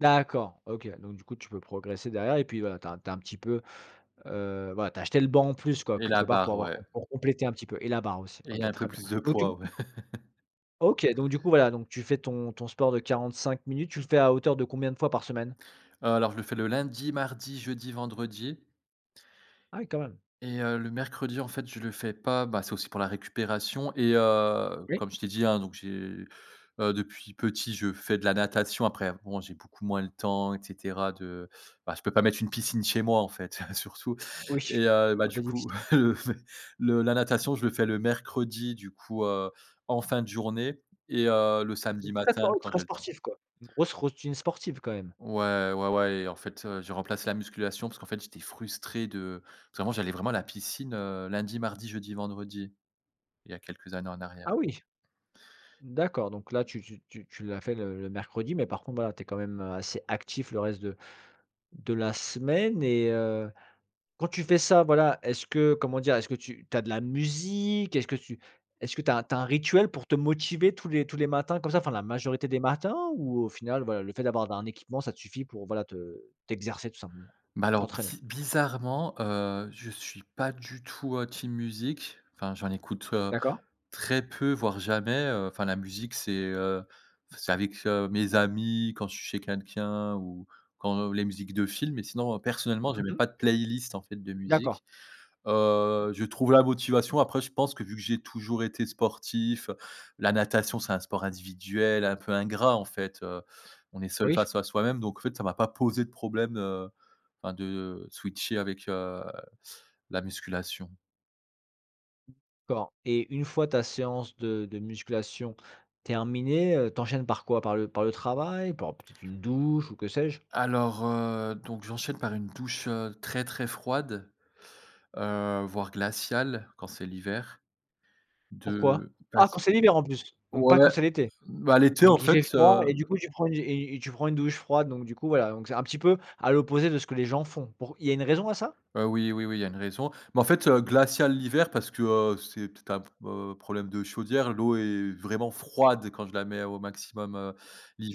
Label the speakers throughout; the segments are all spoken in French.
Speaker 1: D'accord, OK. Donc, du coup, tu peux progresser derrière, et puis, voilà tu as tu as un petit peu heu, voilà, tu as acheté le banc en plus, quoi,
Speaker 2: Et la
Speaker 1: quelque part pour
Speaker 2: barre,
Speaker 1: avoir
Speaker 2: ouais.
Speaker 1: pour pour compléter un petit peu, et la barre aussi.
Speaker 2: Et
Speaker 1: OK,
Speaker 2: un peu
Speaker 1: très bien.
Speaker 2: plus de poids, ouais.
Speaker 1: [unintelligible] OK, donc, du coup voilà, donc tu fais ton ton sport de 45 minutes. Tu le fais à hauteur de combien de fois par semaine?
Speaker 2: Heu, alors, je le fais le lundi, mardi, jeudi, vendredi
Speaker 1: Ah oui, quand même!
Speaker 2: et, heu, le mercredi, en fait, je le fais pas, bah, c'est aussi pour la récupération, et, heu,
Speaker 1: Oui.
Speaker 2: comme je t'ai dit, hein, donc j'ai heu, depuis petit, je fais de la natation. Après, bon, j'ai beaucoup moins le temps, et cetera, de, bah, je peux pas mettre une piscine chez moi en fait, surtout
Speaker 1: Oui.
Speaker 2: et, heu, bah,
Speaker 1: Un
Speaker 2: du
Speaker 1: peu diffici
Speaker 2: coup, le la natation, je le fais le mercredi du coup, heu, en fin de journée. Et, heu, le samedi
Speaker 1: Très
Speaker 2: matin,
Speaker 1: spor
Speaker 2: quand
Speaker 1: très
Speaker 2: j'ai le temps.
Speaker 1: sportif quoi! Une grosse routine sportive quand même.
Speaker 2: Ouais, ouais, ouais. Et, en fait, heu, j'ai remplacé la musculation, parce qu'en fait, j'étais frustré de parce que avant, j'allais vraiment à la piscine, heu, lundi, mardi, jeudi, vendredi. Il y a quelques années en
Speaker 1: Ah
Speaker 2: arrière.
Speaker 1: oui! D'accord, donc là, tu tu tu tu l'as fait le le mercredi, mais par contre, voilà, tu es quand même, heu, assez actif le reste de de la semaine, et, heu. Quand tu fais ça, voilà, est-ce que, comment dire? Est-ce que tu tu as de la musique? Est-ce que tu est-ce tu as tu as un rituel pour te motiver tous les tous les matins comme ça, enfin la majorité des matins? Ou, au final, voilà, le fait d'avoir un équipement, ça te suffit pour, voilà, te t'exercer tout simplement?
Speaker 2: Bah alors,
Speaker 1: T'entraîner.
Speaker 2: bzi bizarrement, heu, je suis pas du tout, heu, team musique. Enfin, j'en écoute, heu,
Speaker 1: D'accord.
Speaker 2: très peu, voire jamais, heu. Enfin la musique, c'est, heu, f c'est avec, heu, mes amis, quand je suis chez quelqu'un, ou, quand les musiques de film. Mais sinon, personnellement, j'ai
Speaker 1: Mmh
Speaker 2: même
Speaker 1: mh.
Speaker 2: pas de playlist, en fait, de
Speaker 1: D'accord.
Speaker 2: musique. Heu, je trouve la motivation, après, je pense que, vu que j'ai toujours été sportif. La natation, c'est un sport individuel, un peu ingrat en fait, heu. On est seul
Speaker 1: Oui.
Speaker 2: face à soi-même donc, en fait ça m'a pas posé de problème, heu, enfin de, heu, de switcher avec, heu, la musculation.
Speaker 1: D'accord. Et, une fois ta séance de de musculation terminée, heu, tu enchaînes par quoi? Par le par le travail? Par, peut-être une douche? Ou que sais-je?
Speaker 2: Alors, heu, donc, j'enchaîne par une douche, heu, très, très froide. Heu, voire glaciale, quand c'est l'hiver.
Speaker 1: Pourquoi?
Speaker 2: De
Speaker 1: Ah! Quand
Speaker 2: pass
Speaker 1: c'est l'hiver en plus? Donc, pas
Speaker 2: Ouais.
Speaker 1: quand c'est l'été?
Speaker 2: bah, l'été en
Speaker 1: Donc, il fait
Speaker 2: fait,
Speaker 1: froid,
Speaker 2: heu
Speaker 1: et du coup tu prends une et et et tu prends une douche froide, donc, du coup, voilà. Donc, c'est un petit peu, à l'opposé de ce que les gens font. Pour il y a une raison à ça?
Speaker 2: Heu, oui, oui, oui, il y a une raison. Mais en fait, heu, glaciale l'hiver parce que, heu, c'est peut-être un p heu, problème de chaudière. L'eau est vraiment froide quand je la mets au maximum, heu,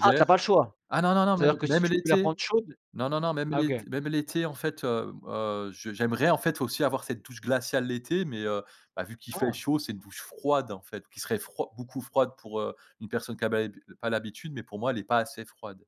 Speaker 1: Ah, tu as pas le choix?
Speaker 2: Ah non, non, non. Même
Speaker 1: C'est-à-dire que si
Speaker 2: même
Speaker 1: tu peux la prendre
Speaker 2: l'été.
Speaker 1: chaude
Speaker 2: Non, non, non. Même
Speaker 1: Ah OK.
Speaker 2: l'ét même l'été. En fait, hem, heu, je j'aimerais en fait, aussi avoir cette douche glaciale l'été. Mais, heu, bah vu qu'il fait
Speaker 1: Ah.
Speaker 2: chaud, c'est une douche froide en fait, qui serait froid beaucoup froide pour, heu, une personne qu'a ba pas l'habitude mais, pour moi, elle est pas assez froide.